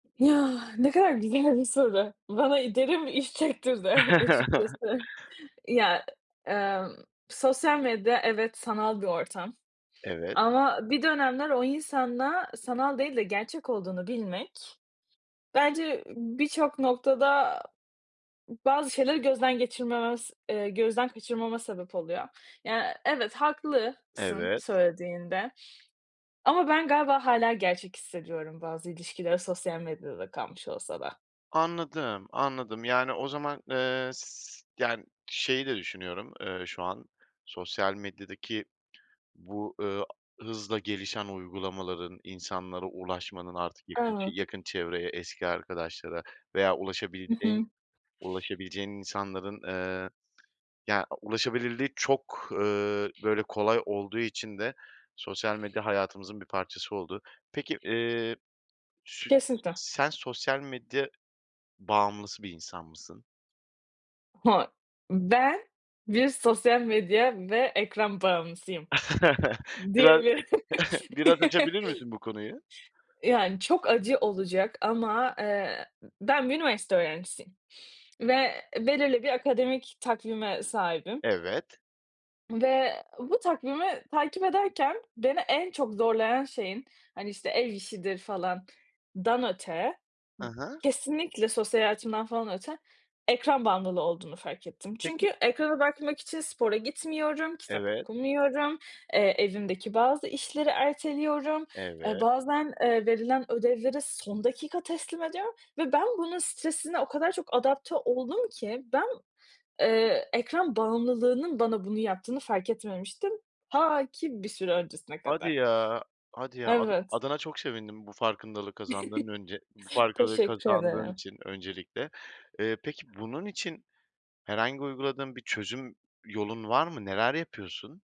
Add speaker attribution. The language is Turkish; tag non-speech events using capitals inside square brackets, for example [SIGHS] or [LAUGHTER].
Speaker 1: [SIGHS] Ya, ne kadar güzel bir soru, bana, iii, derin iç çektirdi, eh,
Speaker 2: [CHUCKLES]
Speaker 1: açıkçası. Ya, emm, sosyal medya evet, sanal bir ortam
Speaker 2: Evet.
Speaker 1: ama bir dönemler o insanla sanal değil de gerçek olduğunu bilmek bence birçok noktada bazı şeyler gözden geçirmemes ııı, gözden kaçırmama sebep oluyor. Ya, eee, evet. Haklısın,
Speaker 2: Evet.
Speaker 1: söylediğinde ama ben galiba hâlâ gerçek hissediyorum bazı ilişkileri, sosyal medyada da kalmış olsa da.
Speaker 2: Anladım, anladım. Yani, o zaman, eee, s yani, şeyi de düşünüyorum, eee, şu an sosyal medyadaki bu, ııı, hızla gelişen uygulamaların insanlara ulaşmanın artık yakın ç
Speaker 1: [UNINTELLIGIBLE]
Speaker 2: yakın çevreye, eski arkadaşlara veya
Speaker 1: I
Speaker 2: ulaşabileceğin
Speaker 1: hı.
Speaker 2: ulaşabileceğin insanların, eee, ya, ulaşabilirliği çok, ııı, böyle, kolay olduğu için de sosyal medya hayatımızın bir parçası oldu. Peki, eee, sü
Speaker 1: Kesinlikle.
Speaker 2: sen sosyal medya bağımlısı bir insan mısın?
Speaker 1: [UNINTELLIGIBLE] Ben bir sosyal medya ve ekran bağımlısıyım,
Speaker 2: [CHUCKLES] Biraz
Speaker 1: diyebilirim.
Speaker 2: [CHUCKLES] biraz açabilir
Speaker 1: [LAUGHS]
Speaker 2: misin, bu konuyu?
Speaker 1: Yani, çok acı olacak ama, eee, ben bir üniversite öğrencisiyim ve belirli bir akademik takvime sahibim.
Speaker 2: Evet.
Speaker 1: Ve bu takvimi takip ederken beni en çok zorlayan şeyin, hani, işte, ev işidir falandan öte,
Speaker 2: Hı hı.
Speaker 1: kesinlikle sosyal hayatımdan falan öte ekran bağımlılığı olduğunu fark ettim. Çünkü
Speaker 2: Peki
Speaker 1: ekrana bakmak için spora gitmiyorum, kitap
Speaker 2: Evet.
Speaker 1: okumuyorum, eee, evimdeki bazı işleri erteliyorum. Eee,
Speaker 2: Evet.
Speaker 1: bazen, eee, verilen ödevleri son dakika teslim ediyorum ve ben bunun stresine o kadar çok adapte oldum ki, ben, eee, ekran bağımlılığının bana bunu yaptığını fark etmemiştim. Ta ki bir süre öncesine
Speaker 2: Hadi
Speaker 1: kadar.
Speaker 2: ya hadi ya, ada
Speaker 1: Evet.
Speaker 2: adına çok sevindim bu farkındalığı kazandığın önce bu
Speaker 1: [CHUCKLES]
Speaker 2: farklılığı
Speaker 1: Teşekkür
Speaker 2: kazandığın
Speaker 1: ederim.
Speaker 2: için öncelikle. Eee, peki, bunun için herhangi uyguladığın bir çözüm yolun var mı? Neler yapıyorsun?